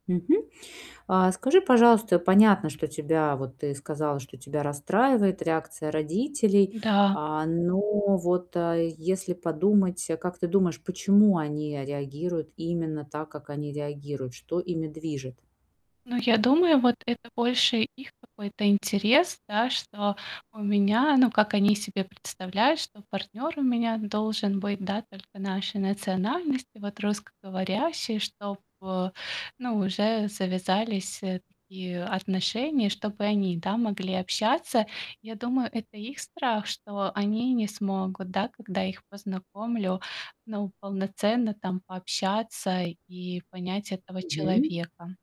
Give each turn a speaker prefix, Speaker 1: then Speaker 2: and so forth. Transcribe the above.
Speaker 1: Мгм. А, скажи, пожалуйста, понятно, что тебя, вот ты сказала, что тебя расстраивает реакция родителей,
Speaker 2: Да.
Speaker 1: а, но вот, э, если подумать, э, как ты думаешь, почему они реагируют именно так, как они реагируют? Что ими движет?
Speaker 2: Ну, я думаю, вот это больше их какой-то интерес, да, что у меня, ну, как они себе представляют, что партнер у меня должен быть, да, только нашей национальности, вот, русскоговорящий. Чтоб, ну уже завязались, э, такие отношения, чтоб и они, да, могли общаться. Я думаю, это их страх, что они не смогут, да, когда я их познакомлю. Ну полноценно там пообщаться и понять этого
Speaker 1: Мгм.
Speaker 2: человека.